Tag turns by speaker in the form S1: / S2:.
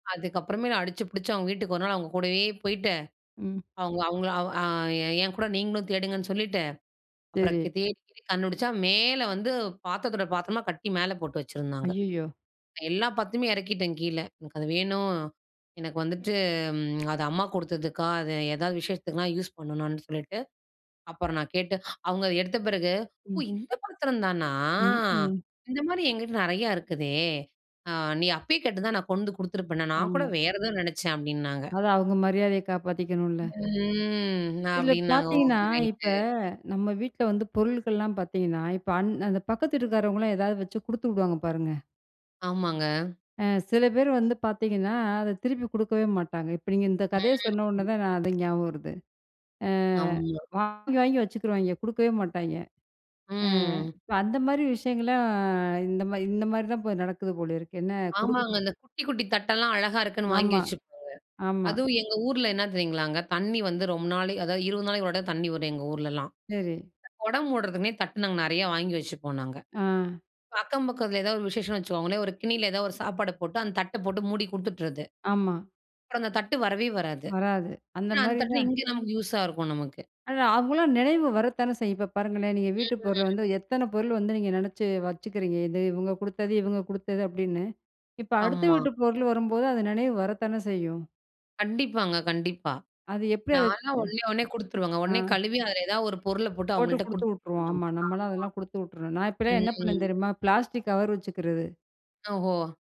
S1: அதுக்கப்புறமே அடிச்சு புடிச்சு அவங்க வீட்டுக்கு ஒரு நாள் அவங்க கூடவே போயிட்டு,
S2: ம்.
S1: அவுங்க அவுங்கள அ என்கூட நீங்களும் தேடுங்கன்னு சொல்லிட்டு, அப்புறம்
S2: சரி.
S1: தேடி கண்டுபிடிச்சா மேல வந்து பாத்திரத்தோட பாத்திரமா கட்டி மேல போட்டு வச்சிருந்தாங்க.
S2: அய்யயோ!
S1: எல்லா பாத்துரத்தயும் இறக்கிட்டேன் கீழ. எனக்கு அது வேணும். எனக்கு வந்துட்டு ம் அது அம்மா குடுத்ததுக்கா அது ஏதாவது விஷேஷத்துக்குலாம் யூஸ் பண்ணணும்னு சொல்லிட்டு, அப்புறம் நான் கேட்டு, அவுங்க எடுத்த பிறகு, "ஓ!
S2: ம்.
S1: இந்த பாத்திரம் தானா!
S2: ம், ம்.
S1: இந்த மாரி என்கிட்ட நிறையா இருக்குதே. அ நீ அப்பயே கேட்டுந்தா நான் கொண்டு குடுத்துருப்பேன்னே, நான் கூட
S2: ஆமா.
S1: வேற ஏதோ நினைச்சேன்." அப்படின்னாங்க.
S2: அவங்க மரியாதைய காப்பாத்திக்கணும்ல!
S1: ம்.
S2: இதில
S1: அப்படின்னாங்க
S2: பார்த்தீங்கன்னா
S1: ஓகே.
S2: இப்ப,
S1: ரைட்டு,
S2: நம்ம வீட்ல வந்து பொருள்கள்லாம் பார்த்தீங்கன்னா, இப்ப அந் அந்த பக்கத்து வீட்டுக்காரவங்கலாம் எதாவது வச்சு குடுத்து விடுவாங்க பாருங்க.
S1: ஆமாங்க.
S2: ஆ சில பேர் வந்து பார்த்தீங்கன்னா அத திருப்பி குடுக்கவே மாட்டாங்க. இப்ப நீங்க இந்த கதைய
S1: ம்.
S2: சொன்ன உடனே தான் நான் அது ஞாபகம் வருது. அ
S1: ஆமா.
S2: வாங்கி, வாங்கி வச்சுக்குருவாய்ங்க. குடுக்கவே மாட்டாய்ங்க. அ
S1: ம்.
S2: இப்ப அந்த மாரி விஷயங்கள்லா இந்த மாரி இந்த மாரிதான் இப்ப நடக்குது போல இருக்கு என்ன குடு
S1: ஆமாங்க. இந்த குட்டி குட்டி தட்டெல்லாம் அழகா இருக்குன்னு வாங்கி
S2: ஆமா,
S1: வச்சிருப்பாங்க.
S2: ஆமா.
S1: அதுவும் எங்க ஊர்ல என்ன தெரியுங்களாங்க, தண்ணீ வந்து ரொம்ப நாள் அதாவது 20 நாளைக்கு ஒரு தடவ தண்ணீ வரும் எங்க ஊர்ல்லாம்.
S2: சரி.
S1: கொடம் மூடுறதுமே தட்டு நாங்க நிறையா வாங்கி வச்சுப்போம் நாங்க.
S2: ஆ.
S1: அக்கம் பக்கத்தில ஏதாவது ஒரு விசேஷம்னு வச்சுக்கோங்களேன் ஒரு கிண்ணியில ஏதாவது ஒரு சாப்பாடு போட்டு அந்த தட்ட போட்டு மூடி குடுத்துட்டறது.
S2: ஆமா.
S1: தட்டு வரவே வராது.
S2: வராது. அந்த
S1: ஆனா அந்த
S2: மாரி
S1: தட்டுதான்
S2: தான்.
S1: இங்க நமக்கு யூஸா இருக்கும் நமக்கு.
S2: அவங்களா நினைவு வரத்தானே செய்யும், இப்ப பாருங்களேன் நீங்க வீட்டுப் பொருள
S1: ம்.
S2: வந்து எத்தன பொருள் வந்து நீங்க நினைச்சு வச்சுக்கிறீங்க, இது இவங்க குடுத்தது, இவங்க குடுத்தது, அப்படின்னு. இப்ப அடுத்த
S1: ஆமா.
S2: வீட்டு பொருள் வரும்போது அந்த நினைவு வரத்தானே செய்யும்.
S1: கண்டிப்பாங்க, கண்டிப்பா.
S2: அது எப்படி அது
S1: நான்லா உடனே உட்னே குடுத்துருவங்க.
S2: அ. ஆ,
S1: உடனே கழுவி அதில ஏதாவது ஒரு பொருளை போட்டு
S2: போட்டு
S1: அவுங்கள்ட்ட
S2: குடுத்து
S1: குடுத்துருவேன்
S2: உட்டுருவோம்.
S1: நானு.
S2: ஆமா
S1: ஆமா.
S2: நம்மலா அதெல்லாம் குடுத்து உட்டறணும். நான் இப்பலா என்ன
S1: ம், ம்.
S2: பண்ணுவேன் தெரியுமா? பிளாஸ்டிக் கவர் வச்சுக்கிறது.
S1: ஓஹோ!